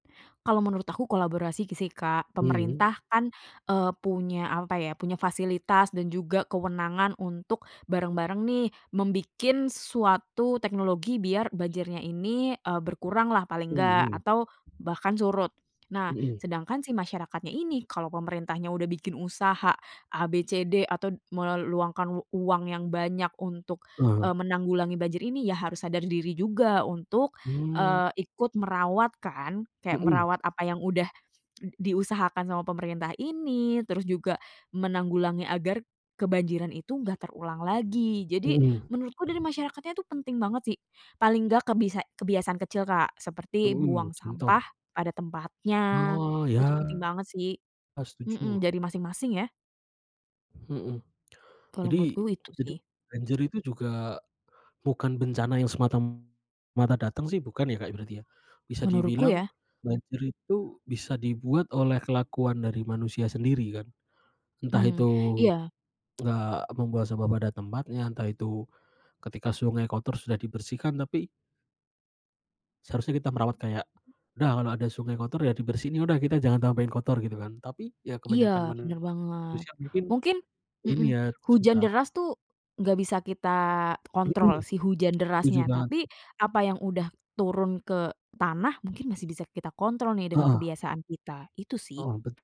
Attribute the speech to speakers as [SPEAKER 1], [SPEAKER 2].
[SPEAKER 1] Kalau menurut aku kolaborasi sih, Kak.
[SPEAKER 2] Mhm.
[SPEAKER 1] Pemerintah kan, eee, punya apa ya, punya fasilitas dan juga kewenangan untuk bareng-bareng nih, membikin suatu teknologi biar banjirnya ini, eee, berkuranglah paling nggak,
[SPEAKER 2] Mhm.
[SPEAKER 1] atau bahkan surut. Nah,
[SPEAKER 2] Mhm.
[SPEAKER 1] sedangkan si masyarakatnya ini, kalau pemerintahnya udah bikin usaha A, B, C, D, atau meluangkan uang yang banyak untuk, eee,
[SPEAKER 2] Eh.
[SPEAKER 1] menanggulangi banjir ini, ya harus sadar diri juga untuk,
[SPEAKER 2] Mmm.
[SPEAKER 1] eee, ikut merawat kan. Kayak
[SPEAKER 2] Hmm.
[SPEAKER 1] merawat apa yang udah diusahakan sama pemerintah ini, terus juga menanggulangi agar kebanjiran itu gak terulang lagi. Jadi,
[SPEAKER 2] Mhm.
[SPEAKER 1] menurutku dari masyarakatnya tuh penting banget sih, paling gak, kebisa kebiasaan kecil Kak, seperti
[SPEAKER 2] Mhm,
[SPEAKER 1] buang sampah
[SPEAKER 2] contoh?
[SPEAKER 1] pada tempatnya,
[SPEAKER 2] Oh,
[SPEAKER 1] itu
[SPEAKER 2] iya,
[SPEAKER 1] penting banget sih.
[SPEAKER 2] eee,
[SPEAKER 1] Hmm,
[SPEAKER 2] setuju.
[SPEAKER 1] jadi masing-masing ya.
[SPEAKER 2] Hmm.
[SPEAKER 1] Kalau
[SPEAKER 2] Jadi,
[SPEAKER 1] menurutku itu
[SPEAKER 2] itu
[SPEAKER 1] sih.
[SPEAKER 2] banjir itu juga bukan bencana yang semata-mata datang sih, bukan ya Kak, berarti ya. Bisa
[SPEAKER 1] Menurutku
[SPEAKER 2] dibilang,
[SPEAKER 1] ya.
[SPEAKER 2] banjir itu bisa dibuat oleh kelakuan dari manusia sendiri kan, entah
[SPEAKER 1] Mmm,
[SPEAKER 2] itu
[SPEAKER 1] iya.
[SPEAKER 2] nggak membuang sampah pada tempatnya, entah itu ketika sungai kotor, sudah dibersihkan, tapi seharusnya kita merawat kayak,
[SPEAKER 1] Mhm.
[SPEAKER 2] udah, kalau ada sungai kotor ya dibersihin, ya udah kita jangan tambahin kotor, gitu kan. Tapi, ya
[SPEAKER 1] Iya,
[SPEAKER 2] kebanyakan
[SPEAKER 1] bener banget,
[SPEAKER 2] manusia mungkin
[SPEAKER 1] mungkin
[SPEAKER 2] ini
[SPEAKER 1] hmm,
[SPEAKER 2] ya,
[SPEAKER 1] hujan
[SPEAKER 2] susah.
[SPEAKER 1] deras tuh nggak bisa kita
[SPEAKER 2] Hmm,
[SPEAKER 1] kontrol, si hujan
[SPEAKER 2] setuju
[SPEAKER 1] derasnya.
[SPEAKER 2] banget
[SPEAKER 1] Tapi
[SPEAKER 2] sih.
[SPEAKER 1] apa yang udah turun ke tanah, mungkin masih bisa kita kontrol nih dengan
[SPEAKER 2] Heeh.
[SPEAKER 1] kebiasaan kita, itu sih.
[SPEAKER 2] Oh, betu